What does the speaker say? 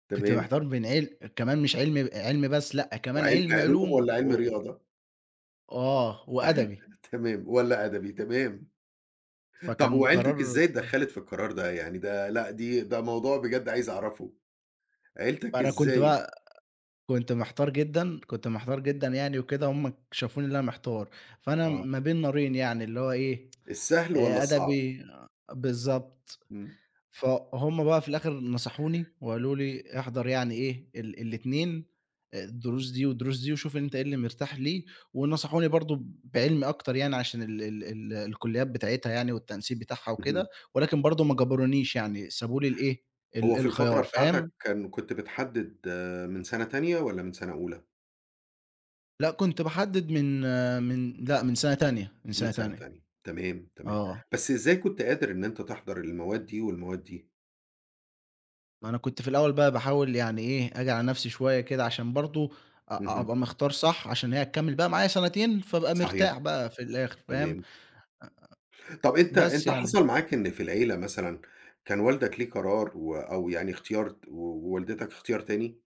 كنت تمام. محتار بين عل كمان مش عِلم آآ، عِلمي بس، لأ كمان وعِلمي عِلمي علوم علوم والّا و عِلمي و رياضة؟ وآه، وأدبي. تمام، والّا أدبي تمام. طَب فكان وعيلتك قرار إزاي اتدخّلت في القرار ده؟ يعني ده لأ، دي ده موضوع بجد عايز أعرفه عيلتك أنا كنت إزاي بقى كنت محتار جدًا، كنت محتار جدًا يعني وكده وهُم ك شافوني اللي أنا محتار، فأنا م آه. ما بين نارين يعني اللي هو إيه، السهل والّا آآ الصعب؟ أدبي بالضبط. إمم. فهُم بقى في الآخِر اللي نَصَحوني وقالوا لي: "احضر يعني إيه، ال ال الاتنين، الدروس دي والدروس دي وشوف أنت إيه اللي مرتاح ليه." ونَصَحوني برضه بعِلمي أكتر يعني عشان ال ال ال الكُلّيات بتاعتها يعني والتنسيق بتاعها وكده، اهم. ولكن برضه ما جبرونيش، يعني سابوا لي الإيه ال هو في الفترة الخيار بتاعتك فاهم؟ كان كنت بتحدد من سَنة تانية والّا من سَنة أولى؟ لأ، كنت باحدد من من لأ، من سَنة تانية، من من سَنة سَنة تانية. تانية تمام، تمام. آه. بس إزاي كنت قادر إن أنت تحضر المواد دي والمواد دي؟ ما أنا كنت في الأول بقى باحاول يعني إيه، آجي على نفسي شوية كده عشان برضه أ أ اهم. أبقى مختار صح عشان هي هتكمّل بقى معايا سَنتين، فابقى صحيح. مرتاح بقى في الآخِر، فاهم؟ آآ تمام. طَب أنت بس أنت يعني. حصل معاك إن في العيلة مثلًا كان والدك ليه قرار و أو يعني اختيار ت و ووالدتك اختيار تاني؟